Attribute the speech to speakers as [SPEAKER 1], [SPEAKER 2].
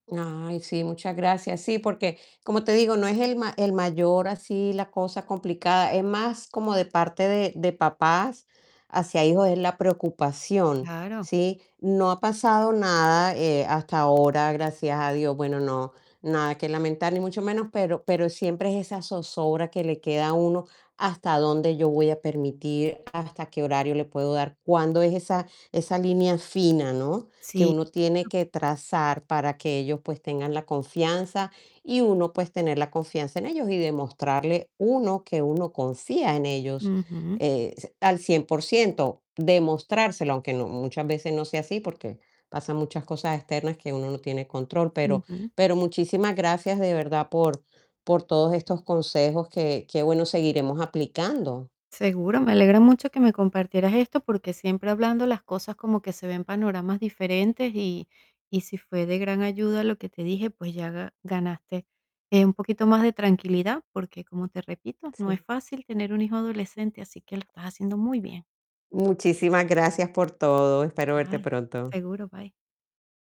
[SPEAKER 1] Ay, sí, muchas gracias. Sí, porque como te digo, no es el ma el mayor, así la cosa complicada, es más, como de parte de de papás hacia hijos, es la preocupación,
[SPEAKER 2] Claro.
[SPEAKER 1] ¿sí? No ha pasado nada, eh, hasta ahora, gracias a Dios. Bueno, no, nada que lamentar, ni mucho menos. Pero pero, siempre, es esa zozobra que le queda a uno, hasta dónde yo voy a permitir, hasta qué horario le puedo dar, cuándo es esa esa línea fina, ¿no? Que
[SPEAKER 2] Sí.
[SPEAKER 1] uno tiene
[SPEAKER 2] [unintelligible]
[SPEAKER 1] que trazar, para que ellos, pues, tengan la confianza, y uno pues, tener la confianza en ellos, y demostrarle uno, que uno confía en ellos,
[SPEAKER 2] Ujú.
[SPEAKER 1] eh, s al 100%. Demostrárselo, aunque no muchas veces, no sea así, porque pasan muchas cosas externas, que uno, no tiene control. Pero
[SPEAKER 2] Ujú.
[SPEAKER 1] pero, muchísimas gracias, de verdad, por por todos estos consejos, que que bueno, seguiremos aplicando.
[SPEAKER 2] Seguro, me alegra mucho, que me compartieras esto, porque siempre, hablando las cosas, como que se ven panoramas diferentes. Y y si fue de gran ayuda, lo que te dije, pues, ya ga-ganaste, eh, un poquito más de tranquilidad. Porque como te repito, no es
[SPEAKER 1] Sí.
[SPEAKER 2] fácil tener un hijo adolescente, así que lo estás haciendo muy bien.
[SPEAKER 1] Muchísimas gracias por todo. Espero verte
[SPEAKER 2] Bye.
[SPEAKER 1] pronto
[SPEAKER 2] Seguro. Bye